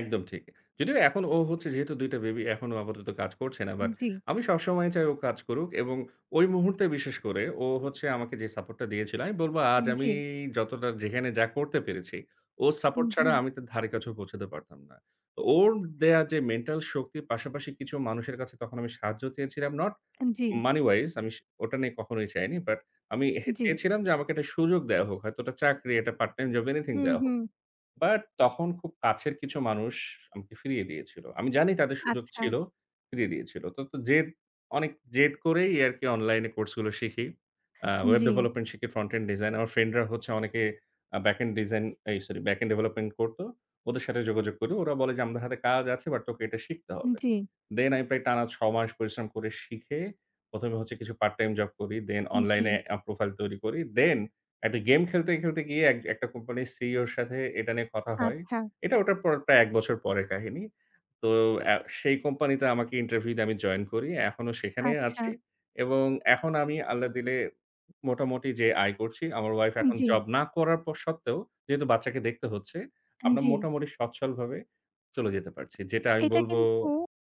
একদম ঠিক। যদিও এখন ও হচ্ছে যেহেতু ২ টা বেবি এখন ও আপাতত কাজ করছে না। বাট জি। আমি সবসময় চাই ও কাজ করুক এবং ওই মুহূর্তে বিশেষ করে ও হচ্ছে আমাকে যে সাপোর্ট টা দিয়েছিল আমি বলব আজ আমি জি। যতটা যেখানে যা করতে পেরেছি, ওর সাপোর্ট ছাড়া জি। আমি তার ধারের কাছেও পৌঁছাতে পারতাম না। ওর দেয়া যে মেন্টাল শক্তির পাশাপাশি কিছু মানুষের কাছে তখন আমি সাহায্য চেয়েছিলাম। Not G. money wise আমি স ওটা নিয়ে কখনোই চাইনি। বাট আমি জি। চেয়েছিলাম যে আমাকে একটা সুযোগ দেয়া হোক, হয়তো ওটা চাকরি, একটা পার্ট টাইম জব, এনিথিং হু, দেয়া হোক। হু। বাট তখন খুব কাছের কিছু মানুষ আমাকে ফিরিয়ে দিয়েছিল। আমি জানি তাদের সুযোগ ছিল, আচ্ছা। ফিরিয়ে দিয়েছিল। তো, তো জেদ, অনেক জেদ করেই আরকি অনলাইন কোর্স গুলো শিখি। আ ওয়েব জি। ডেভেলপমেন্ট শিখি, ফ্রন্ট এন্ড ডিজাইন। আমার ফ্রেন্ড রা হচ্ছে অনেকে আ ব্যাক এন্ড ডিজাইন এই সরি ব্যাক এন্ড ডেভেলপমেন্ট করতো। ওদের সাথে যোগাযোগ করি। ওরা বলে যে আমাদের হাতে কাজ আছে বাট তোকে এটা শিখতে হবে। জি। Then আমি প্রায় টানা ৬ মাস পরিশ্রম করে শিখে ১ম এ হচ্ছে কিছু পার্ট টাইম জব করি then অনলাইন জি। এপ প্রোফাইল তৈরি করি। Then একটা গেম খেলতে, খেলতে গিয়ে এক একটা কোম্পানির সিইও এর সাথে এটা নিয়ে কথা হয়। আচ্ছা। এটা ওটার পর প্রায় ১ বছর পরের কাহিনী। তো আ সেই কোম্পানিতে আমাকে ইন্টারভিউ দিয়ে আমি জয়েন করি। এখনো সেখানেই আচ্ছা। আছি এবং এখন আমি আল্লাহ দিলে মোটামুটি যে আয় করছি, আমার ওয়াইফ এখন জি। জব না করার পর সত্ত্বেও, যেহেতু বাচ্চাকে দেখতে হচ্ছে আমরা জি। মোটামুটি সচ্ছলভাবে চলে যেতে পারছি। যেটা আমি এটা বলব কিন্তু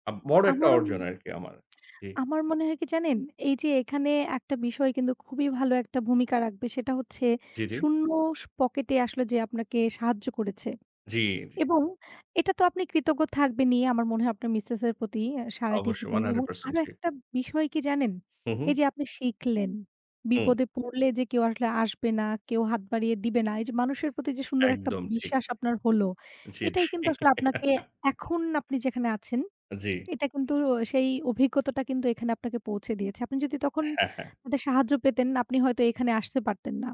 আপ বড় একটা আমারও অর্জন আরকি আমার। জী। আমার মনে হয় কি জানেন এই যে এখানে একটা বিষয় কিন্তু খুবই ভালো একটা ভূমিকা রাখবে সেটা হচ্ছে জি, জি। শূন্য পকেটে আসলে যে আপনাকে সাহায্য করেছে জি, জি। এবং এটা তো আপনি কৃতজ্ঞ থাকবেনই আমার মনে হয় আপনার মিসেস এর প্রতি অ্যা সারাটি অবশ্যই জীবন one hundred এবং percent আরো একটা বিষয় কি জানেন হু, এই হু। যে আপনি শিখলেন। হু। বিপদে পড়লে যে কেউ আসলে আসবে না, কেউ হাত বাড়িয়ে দিবে না। এই যে মানুষের প্রতি যে সুন্দর একটা একদম ঠিক। বিশ্বাস আপনার হলো, জি, জি। এটাই কিন্তু আসলে আপনাকে এখন আপনি যেখানে আছেন, জি। এটা কিন্তু সেই অভিজ্ঞতাটা কিন্তু এখানে আপনাকে পৌঁছে দিয়েছে। আপনি যদি তখন হ্যাঁ, হ্যাঁ। তাদের সাহায্য পেতেন, আপনি হয়তো এখানে আসতে পারতেন না।